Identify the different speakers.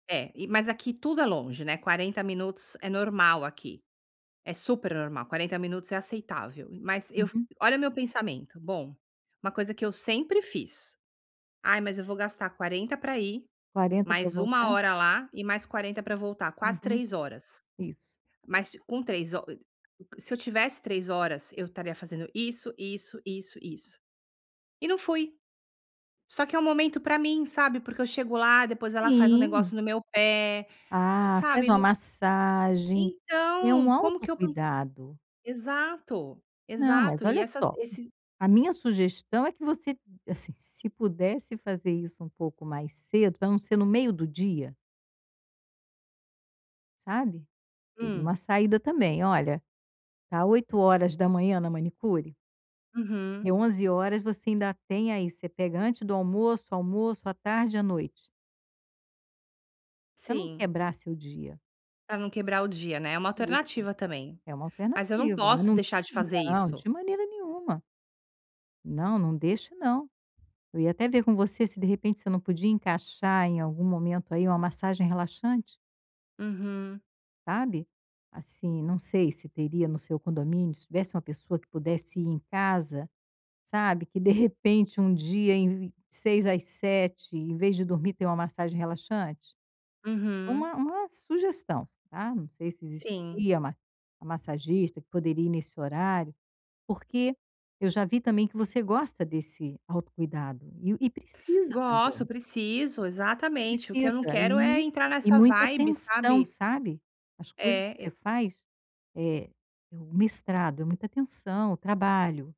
Speaker 1: É, e mas aqui tudo é longe, né, 40 minutos é normal aqui, é super normal, 40 minutos é aceitável, e mas eu f
Speaker 2: Uhum.
Speaker 1: olha o meu pensamento, bom, uma coisa que eu sempre fiz, "Ai, mas eu vou gastar 40 pra ir,
Speaker 2: 40 pra
Speaker 1: mais uma
Speaker 2: voltar?
Speaker 1: hora lá e mais 40 para voltar, quase
Speaker 2: Uhum,
Speaker 1: 3 horas,
Speaker 2: isso.
Speaker 1: mas ti com 3 ho co se eu tivesse 3 horas eu estaria fazendo isso, isso, isso, isso". E não fui, só que é um momento pra mim, sabe, porque eu chego lá depois ela faz um
Speaker 2: Sim.
Speaker 1: negócio no meu pé,
Speaker 2: Ah, faz
Speaker 1: sabe,
Speaker 2: uma
Speaker 1: não
Speaker 2: massagem, é
Speaker 1: Então,
Speaker 2: um
Speaker 1: como que eu po
Speaker 2: autocuidado.
Speaker 1: Exato,
Speaker 2: Não, mas,
Speaker 1: exato e
Speaker 2: olha
Speaker 1: essas
Speaker 2: só,
Speaker 1: esses
Speaker 2: a minha sugestão é que você, assim, se pudesse fazer isso um pouco mais cedo pra não ser no meio do dia sabe, teria
Speaker 1: Hum.
Speaker 2: uma saída também, olha, tá 8 horas da manhã na manicure
Speaker 1: Uhum.
Speaker 2: e 11 horas você ainda tem aí você pega antes do almoço, almoço, à tarde e à noite pra não
Speaker 1: Sim.
Speaker 2: quebrar seu dia.
Speaker 1: Para não quebrar o dia, né, é uma
Speaker 2: Isso.
Speaker 1: alternativa também,
Speaker 2: É uma
Speaker 1: mas eu não
Speaker 2: alternativa, mas
Speaker 1: posso
Speaker 2: não,
Speaker 1: deixar de fazer
Speaker 2: não,
Speaker 1: isso.
Speaker 2: de maneira nenhuma. Não, não deixe não, eu ia até ver com você se de repente, você não podia encaixar em algum momento aí uma massagem relaxante.
Speaker 1: Uhum.
Speaker 2: Sabe, assim, não sei se teria no seu condomínio, se tivesse uma pessoa que pudesse ir em casa, sabe, que de repente um dia em v 6 às 7, em vez de dormir, ter uma massagem relaxante,
Speaker 1: Uhum.
Speaker 2: uma uma sugestão, tá, não sei se
Speaker 1: Sim.
Speaker 2: existiria uma massagista que poderia ir nesse horário, porque eu já vi também que você gosta desse autocuidado e o e precisa
Speaker 1: Gosto,
Speaker 2: também.
Speaker 1: preciso, exatamente o que eu não
Speaker 2: Precisa
Speaker 1: quero é
Speaker 2: e
Speaker 1: entrar
Speaker 2: e
Speaker 1: nessa
Speaker 2: muita
Speaker 1: vibe,
Speaker 2: tensão,
Speaker 1: sabe.
Speaker 2: sabe, as coisas que
Speaker 1: Eh,
Speaker 2: você
Speaker 1: e
Speaker 2: faz, eh, o mestrado, é muita atenção, o trabalho